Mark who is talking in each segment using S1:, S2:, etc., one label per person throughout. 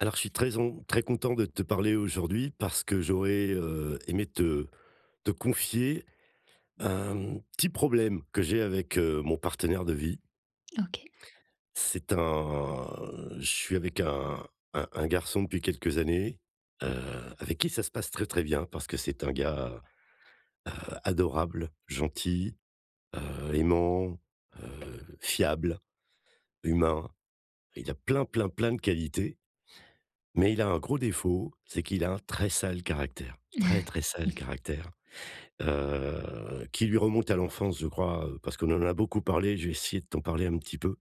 S1: Alors, je suis très on très content de te parler aujourd'hui parce que j'aurais, heu, aimé te te confier un petit problème que j'ai avec mon partenaire de vie
S2: OK.
S1: c'est un je suis avec un un un garçon depuis quelques années, heu, avec qui ça se passe très, très bien parce que c'est un gars, heu, adorable, gentil, heu, aimant, heu, fiable, humain. Il a plein, plein, plein de qualités mais, il a un gros défaut c'est qu'il a un très sale caractère, très, très, sale caractère, heu, qui lui remonte à l'enfance je crois, heu, parce qu'on en a beaucoup parlé, je vais essayer de t'en parler un petit peu.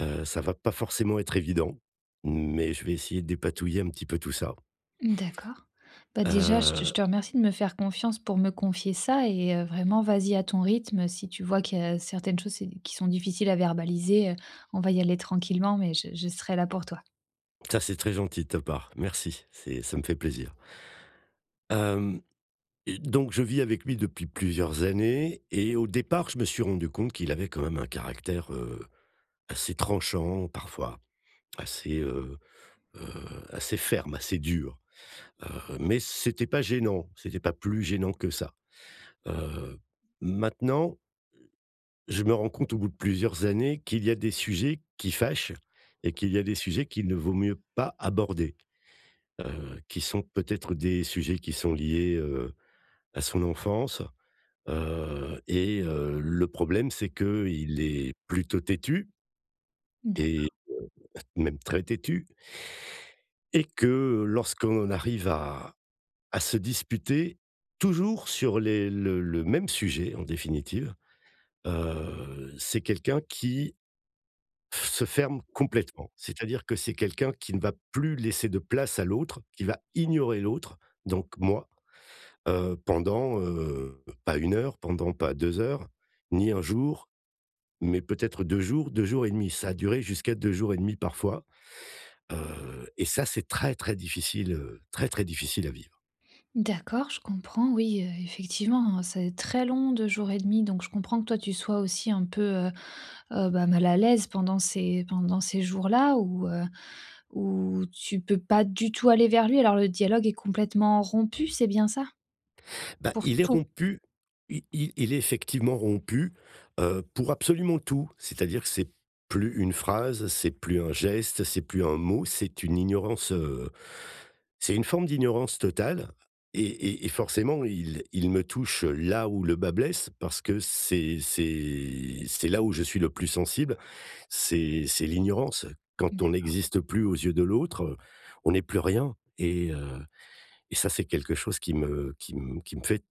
S1: Heu, ça va pas forcément être évident mais je vais essayer de dépatouiller un petit peu tout ça
S2: Mmh, d'accord. Bah, déjà je je
S1: heu
S2: te remercie de me faire confiance pour me confier ça et heu, vraiment vas-y à ton rythme. Si tu vois qu'il y a certaines choses, heu, qui qui sont difficiles à verbaliser, on va y aller tranquillement mais je je serai là pour toi.
S1: Ça, c'est très gentil de ta part, merci, c'est ça me fait plaisir! Hem, et donc je vis avec lui depuis plusieurs années, et au départ, je me suis rendu compte qu'il avait quand même un caractère, heu, assez tranchant parfois, assez, heu heu, assez ferme, assez dur. Heu, mais c'était pas gênant, c'était pas plus gênant que ça. Heu, maintenant, heu, je me rends compte au bout de plusieurs années, qu'il y a des sujets qui fâchent et qu'il y a des sujets qu'il ne vaut mieux pas aborder, heu, qui sont peut-être des sujets qui sont liés, heu, à son enfance. Heu, et heu, le problème c'est qu'il est plutôt têtu. Et
S2: D'accord.
S1: [unintelligible] même très têtu. Et que lorsqu'on en arrive à à se disputer toujours sur les le le même sujet, en définitive, heu, c'est quelqu'un qui f se ferme complètement. C'est-à-dire que, c'est quelqu'un qui ne va plus laisser de place à l'autre, qui va ignorer l'autre, donc moi, heu, pendant, heu, pas 1 heure pendant pas 2 heures, ni 1 jour, mais peut-être 2 jours, 2 jours et 1/2 ça a duré jusqu'à 2 jours et 1/2 parfois, heu, et ça c'est très, très difficile, heu, très, très difficile à vivre.
S2: D'accord, je comprends, oui, heu, effectivement, c'est très long 2 jours et 1/2 donc je comprends que toi, tu sois aussi un peu, heu heu, bah, mal à l'aise pendant ces pendant ces jours-là où, heu, où tu peux pas du tout aller vers lui. Alors le dialogue est complètement rompu c'est bien ça?
S1: Bah,
S2: Pour
S1: il est
S2: tout?
S1: rompu I i il est effectivement rompu, heu, pour absolument tout. C'est-à-dire que c'est plus une phrase, c'est plus un geste, c'est plus un mot, c'est une ignorance, heu, c'est une forme d'ignorance totale et et et forcément il il me touche là où le bât blesse parce que c'est c'est c'est là où je suis le plus sensible, c'est c'est l'ignorance. Quand on
S2: D'accord.
S1: n'existe plus aux yeux de l'autre, on est plus rien, et heu, et ça, c'est quelque chose qui me qui m qui me fait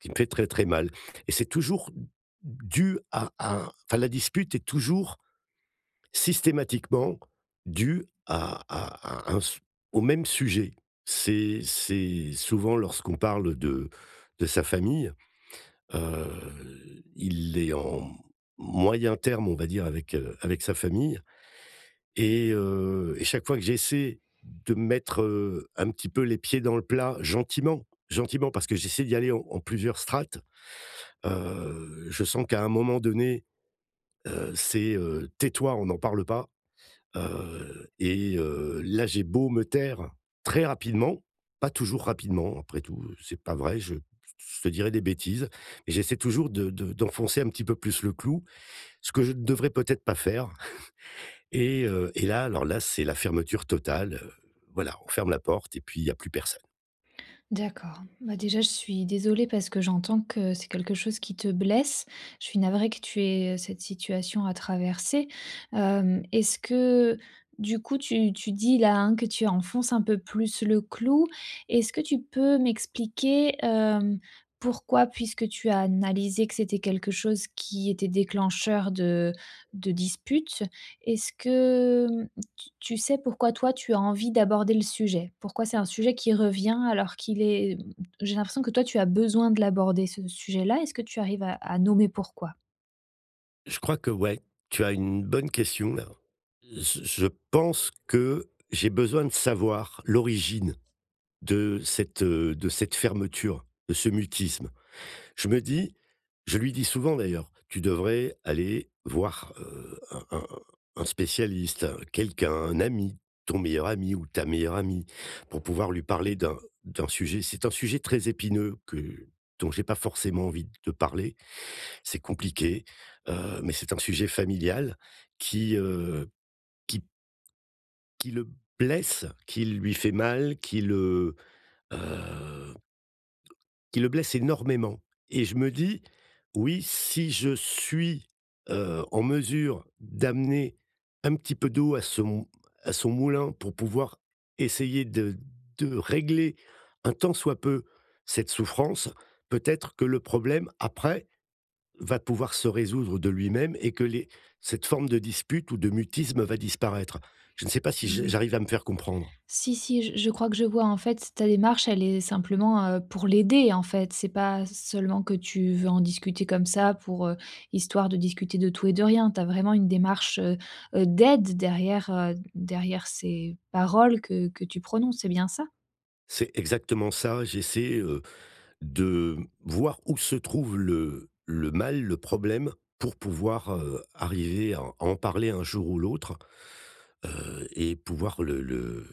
S1: qui me fait très, très mal et c'est toujours dû à à enfin, la dispute est toujours systématiquement due à à à un au même sujet. C'est c'est souvent lorsqu'on parle de de sa famille, heu, il est en moyen terme on va dire avec heu, avec sa famille, et heu, et chaque fois que j'essaie de mettre, heu, un petit peu les pieds dans le plat gentiment, gentiment parce que j'essaie d'y aller en plusieurs strates, heu, je sens qu'à un moment donné, heu, c'est heu: «Tais-toi! On n'en parle pas», heu, et heu, là, j'ai beau me taire très rapidement, pas toujours rapidement après tout, c'est pas vrai, je je te dirais des bêtises, j'essaie toujours de de d'enfoncer un petit peu plus le clou. Ce que je ne devrais peut-être pas faire et heu, et là, alors là, c'est la fermeture totale, heu, voilà, on ferme la porte et puis, il y a plus personne.
S2: D'accord, bah, déjà je suis désolée parce que j'entends que c'est quelque chose qui te blesse. Je suis navrée que tu aies cette situation à traverser. Hem, est-ce que, du coup, tu tu dis là, hein, que tu enfonces un peu plus le clou. Est-ce que tu peux m'expliquer, hem, pourquoi? Puisque tu as analysé que c'était quelque chose qui était déclencheur de de disputes. Est-ce que hem, tu tu sais pourquoi toi, tu as envie d'aborder le sujet? Pourquoi c'est un sujet qui revient alors qu'il est e j'ai l'impression que toi, tu as besoin de l'aborder ce sujet-là, est-ce que tu arrives à à nommer pourquoi?
S1: Je crois qu'ouais, tu as une bonne question là. J je pense que j'ai besoin de savoir l'origine de cette, heu, de cette fermeture, de ce mutisme. Je me dis je lui dis souvent d'ailleurs: «Tu devrais aller voir, heu, un un un un spécialiste, quelqu'un, un ami, ton meilleur ami, ou ta meilleure amie pour pouvoir lui parler d'un d'un sujet», c'est un sujet très épineux que dont j'ai pas forcément envie de parler, c'est compliqué, heu, mais c'est un sujet familial qui, heu, qui qui le blesse, qui lui fait mal, qui le, heu qui le blesse énormément et je me dis: «Oui, si je suis, heu, en mesure d'amener un petit peu d'eau à son à son moulin pour pouvoir essayer de de régler un tant soit peu cette souffrance, peut-être que le problème après va pouvoir se résoudre de lui-même et que les cette forme de dispute ou de mutisme va disparaître». Je ne sais pas si j
S2: Ouais.
S1: j'arrive à me faire comprendre?
S2: Si, si, j je crois que je vois, en fait, ta démarche, elle est simplement pour l'aider, en fait, c'est pas seulement que tu veux en discuter comme ça pour histoire de discuter de tout et de rien. Tu as vraiment une démarche, heu heu, d'aide derrière, heu, derrière ces paroles que que tu prononces, c'est bien ça?
S1: C'est exactement ça. J'essaie, heu, de voir où se trouve le le mal, le problème pour pouvoir, heu, arriver à à en parler un jour ou l'autre, heu, et pouvoir le le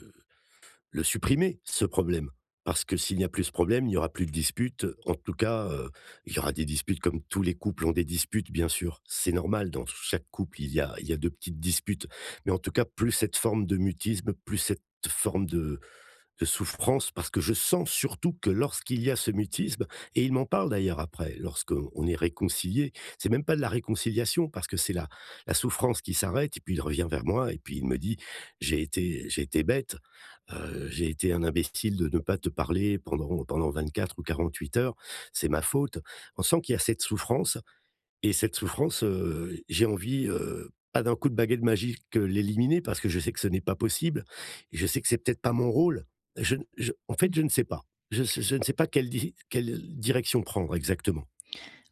S1: le supprimer ce problème. Parce que s'il n'y a plus ce problème, il n'y aura plus de dispute en tout cas, heu, il y aura des disputes comme tous les couples ont des disputes, bien sûr, c'est normal dans c chaque couple, il y a il y a de petites disputes mais en tout cas, plus cette forme de mutisme, plus cette forme de de souffrance parce que je sens surtout que lorsqu'il y a ce mutisme et il m'en parle d'ailleurs après lorsqu'on est réconcilié. C'est même pas de la réconciliation parce que c'est la la souffrance qui s'arrête et puis il revient vers moi et puis il me dit: «J'ai été j'ai été bête, heu, j'ai été un imbécile de ne pas te parler pendant pendant 24 ou 48 heures, c'est ma faute.» On sent qu'il y a cette souffrance, et cette souffrance, heu, j'ai envie, heu, pas d'un coup de baguette magique l'éliminer parce que je sais que ce n'est pas possible, je sais que c'est peut-être pas mon rôle. Je je en fait,
S2: Mmh.
S1: je ne sais pas. Je je ne sais pas quelle di quelle direction prendre exactement.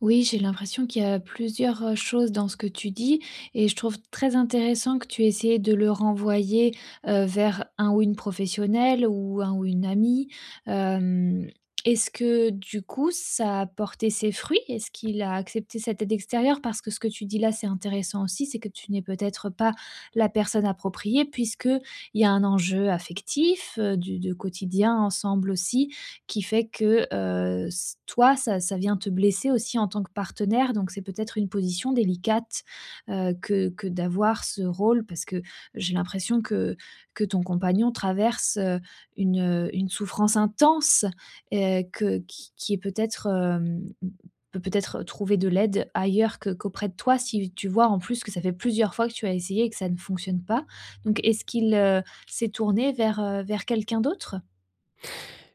S2: Oui, j'ai l'impression qu'il y a plusieurs, heu, choses dans ce que tu dis et je trouve très intéressant que tu aies essayé de le renvoyer, heu, vers un ou une professionnelle, ou un ou une amie. Hem, est-ce que du coup, ça a porté ses fruits? Est-ce qu'il a accepté cette aide extérieure? Parce que ce que tu dis-là c'est intéressant aussi, c'est que tu n'es peut-être pas la personne appropriée puisqu'il y a un enjeu affectif du du quotidien ensemble aussi, qui fait que heu, ç toi, ça ça vient te blesser aussi en tant que partenaire, donc c'est peut-être une position délicate, heu, que que d'avoir ce rôle. Parce que j'ai l'impression que que ton compagnon traverse, heu, une une souffrance intense, heu, que qui qui est peut-être, hem, p peut-être trouver de l'aide ailleurs qu qu'auprès de toi, si tu vois en plus que ça fait plusieurs fois que tu as essayé et que ça ne fonctionne pas. Donc est-ce qu'il, heu, s'est tourné vers, heu, vers quelqu'un d'autre?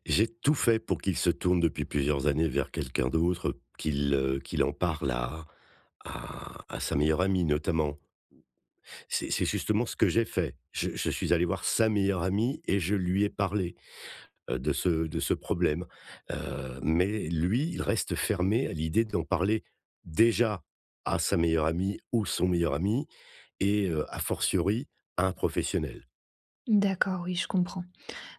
S1: J'ai tout fait pour qu'il se tourne depuis plusieurs années vers quelqu'un d'autre, qu'il, heu, qu'il en parle à à à sa meilleure amie notamment. C'est c'est justement ce que j'ai fait, je je suis allé voir sa meilleure amie et je lui ai parlé, heu, de ce de ce problème, heu, mais lui il reste fermé à l'idée d'en parler, déjà à sa meilleure amie, ou son meilleur ami et heu, a fortiori, à un professionnel.
S2: D'accord, oui je comprends.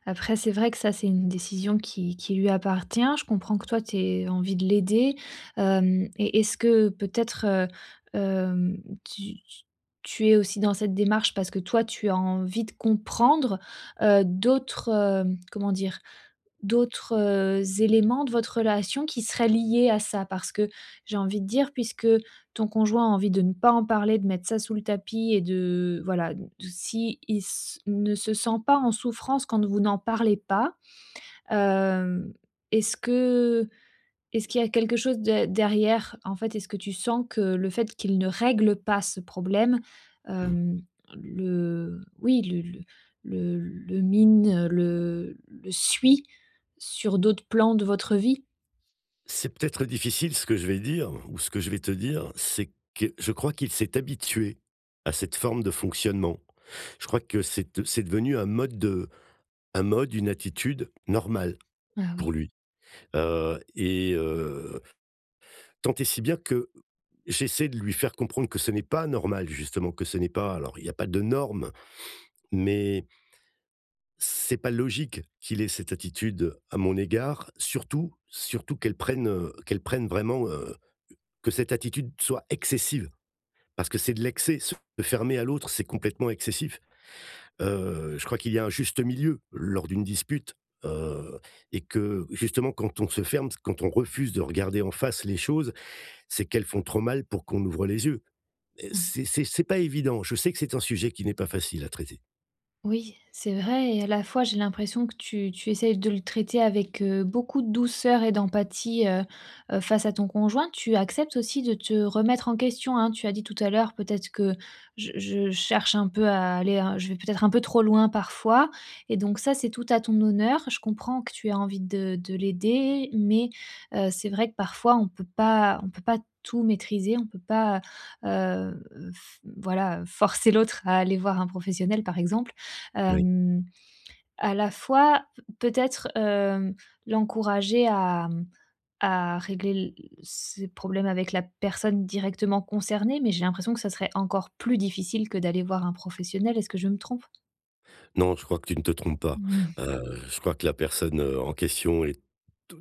S2: Après, c'est vrai que ça, c'est une décision qui qui lui appartient, je comprends que toi, tu aies envie de l'aider. Hem, et est-ce que peut-être, heu hem, tu t tu es aussi dans cette démarche parce que toi, tu as envie de comprendre, heu, d'autres, hem, comment dire? D'autres, heu, éléments de votre relation qui seraient liés à ça? Parce que, j'ai envie de dire puisque ton conjoint a envie de ne pas en parler, de mettre ça sous le tapis et de voilà, de s'il s ne se sent pas en souffrance quand vous n'en parlez pas, hem, est-ce que est-ce qu'il y a quelque chose d derrière? En fait, est-ce que tu sens que le fait qu'il ne règle pas ce problème,
S1: Mmh.
S2: hem, le oui, le le le le mine, le le suit sur d'autres plans de votre vie?
S1: C'est peut-être difficile ce que je vais dire ou ce que je vais te dire, c'est que je crois qu'il s'est habitué à cette forme de fonctionnement. Je crois que c'est, heu, c'est devenu un mode de un mode, une attitude normale,
S2: Ah
S1: pour
S2: oui.
S1: lui, heu et heu tant et si bien que j'essaie de lui faire comprendre que ce n'est pas normal justement, que ce n'est pas alors il n'y a pas de norme, mais c'est pas logique qu'il ait cette attitude à mon égard surtout surtout qu'elle prenne, heu, qu'elle prenne vraiment, heu, que cette attitude soit excessive. Parce que c'est de l'excès, se fermer à l'autre, c'est complètement excessif, heu, je crois qu'il y a un juste milieu lors d'une dispute, heu et que, justement quand on se ferme, s quand on refuse de regarder en face les choses, c'est qu'elles font trop mal pour qu'on ouvre les yeux et
S2: Oui.
S1: c'est c'est c'est pas évident, je sais que c'est un sujet qui n'est pas facile à traiter.
S2: Oui, c'est vrai et à la fois, j'ai l'impression que tu tu essaies de le traiter avec, heu, beaucoup de douceur et d'empathie, heu heu, face à ton conjoint. Tu acceptes aussi de te remettre en question, hein, tu as dit tout à l'heure: «Peut-être que je je cherche un peu à aller à je vais peut-être un peu trop loin parfois» et donc ça c'est tout à ton honneur. Je comprends que tu aies envie de de l'aider, mais, heu, c'est vrai que parfois, on peut pas on peut pas tout maîtriser, on peut pas, heu, f voilà, heu, forcer l'autre à aller voir un professionnel par exemple,
S1: Oui.
S2: hem, à la fois, peut-être, hem, l'encourager à, mmh, à régler l ses problèmes avec la personne directement concernée, mais j'ai l'impression que ce serait encore plus difficile que d'aller voir un professionnel, est-ce que je me trompe?
S1: Non, je crois que tu ne te trompes pas,
S2: Mmh.
S1: heu, je crois que la personne, heu, en question est d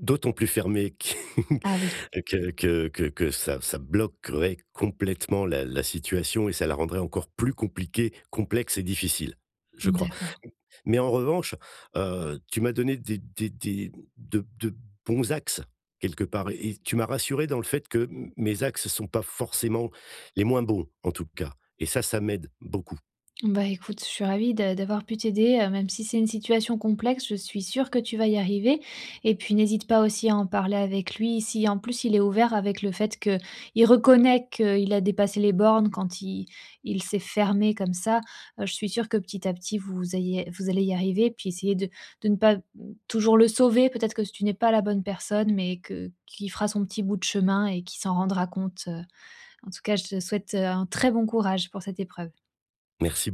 S1: d'autant plus fermée qu
S2: Ah, oui
S1: que que que que ça ça bloquerait complètement la la situation et ça la rendrait encore plus compliquée, complexe et difficile, je crois.
S2: D'accord.
S1: M mais en revanche, heu, tu m'as donné des des des de de bons axes quelque part et tu m'as rassuré dans le fait que m mes axes sont pas forcément les moins bons, en tout cas et ça, ça m'aide, beaucoup.
S2: Bah, écoute, je suis ravie d' d'avoir pu t'aider, heu, même si c'est une situation complexe, je suis sûre que tu vas y arriver et puis n'hésite pas aussi à en parler avec lui. Si en plus il est ouvert avec le fait qu'il reconnaît qu'il a dépassé les bornes quand il il s'est fermé comme ça, heu, je suis sûre que petit à petit vous ayez vous allez y arriver. Puis essayer de de ne pas t toujours le sauver, peut-être que tu n'es pas la bonne personne mais que qu'il fera son petit bout de chemin et qu'il s'en rendra compte, heu, en tout cas je te souhaite, heu, un très bon courage pour cette épreuve.
S1: Merci beau